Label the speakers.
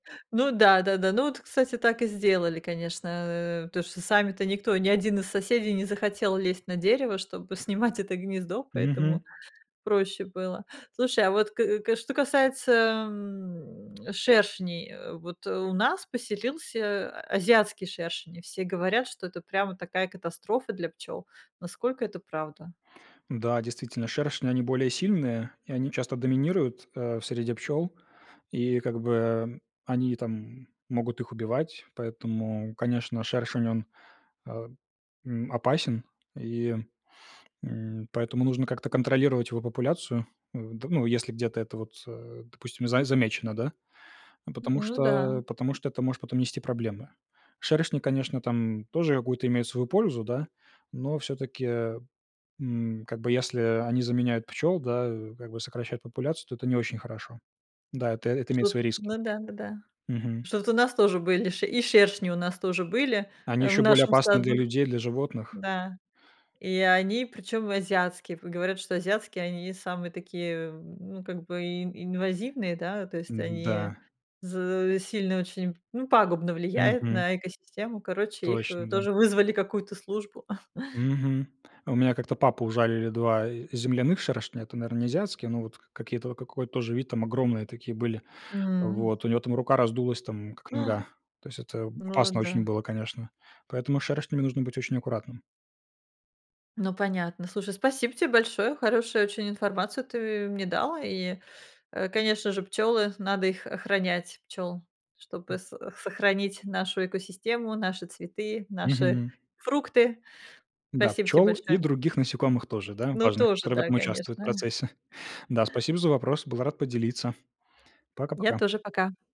Speaker 1: Ну да, да, да, ну вот, кстати, так и сделали, конечно, э, потому что сами-то никто, ни 1 из соседей не захотел лезть на дерево, чтобы снимать это гнездо,
Speaker 2: Мгм.
Speaker 1: поэтому проще было. Слушай, а вот к к что касается, ам, шершней, э, вот у нас поселился азиатский шершень, и все говорят, что это прямо такая катастрофа для пчёл, насколько это правда?
Speaker 2: Да, действительно, шершни, они более сильные, и они часто доминируют, а в среде пчёл, и как бы, эм, они там могут их убивать. Поэтому, конечно, шершень, он, а, м, опасен, и, м, поэтому нужно как-то контролировать его популяцию. У д ну, если где-то это вот, э, допустим, за замечено, да, а, потому
Speaker 1: Ну да.
Speaker 2: что потому что это может потом нести проблемы. Шершни, конечно, там тоже какую-то имеют свою пользу, да, но всё-таки, м, как бы, если они заменяют пчёл, да, как бы сокращают популяцию, то это не очень хорошо. Да, это это имеет
Speaker 1: Ту
Speaker 2: свои риски.
Speaker 1: ну да, ну да.
Speaker 2: Мгм.
Speaker 1: Что-то у нас тоже были ши и шершни у нас тоже были,
Speaker 2: Они
Speaker 1: а, в
Speaker 2: ещё более
Speaker 1: нашем
Speaker 2: опасны для
Speaker 1: саду,
Speaker 2: людей, для животных.
Speaker 1: да, и они, причём, азиатские, в говорят, что азиатские они самые такие, эм, ну, как бы ин инвазивные, да, то есть они
Speaker 2: М-да.
Speaker 1: з сильно очень, ну, пагубно влияют
Speaker 2: Мгм.
Speaker 1: на экосистему, короче, их, э,
Speaker 2: Точно, да.
Speaker 1: тоже вызвали какую-то службу.
Speaker 2: Мгм, у меня как-то папу ужалили 2 и земляных шершня. Это, наверно, не азиатские, но вот к какие-то вот какой-то тоже вид там огромные такие были.
Speaker 1: М.
Speaker 2: Вот у него там рука раздулась там как
Speaker 1: А!
Speaker 2: нога. То есть это
Speaker 1: Ну
Speaker 2: опасно очень
Speaker 1: да.
Speaker 2: было, конечно, поэтому с шершнями нужно быть очень аккуратным.
Speaker 1: Ну понятно, слушай, спасибо тебе большое, хорошую очень информацию ты мне дал, и, э, конечно же, пчёлы, надо их охранять, пчёл, чтобы
Speaker 2: М.
Speaker 1: с сохранить нашу экосистему, наши цветы, наши
Speaker 2: Мгм.
Speaker 1: фрукты.
Speaker 2: Да,
Speaker 1: Спасибо тебе
Speaker 2: пчёл и
Speaker 1: большое.
Speaker 2: других насекомых тоже, да,
Speaker 1: Ну,
Speaker 2: важно,
Speaker 1: тоже,
Speaker 2: которые в
Speaker 1: да,
Speaker 2: этом участвуют в
Speaker 1: конечно.
Speaker 2: процессе. Да, спасибо за вопрос, был рад поделиться. Пока
Speaker 1: Я
Speaker 2: пока.
Speaker 1: тоже, пока.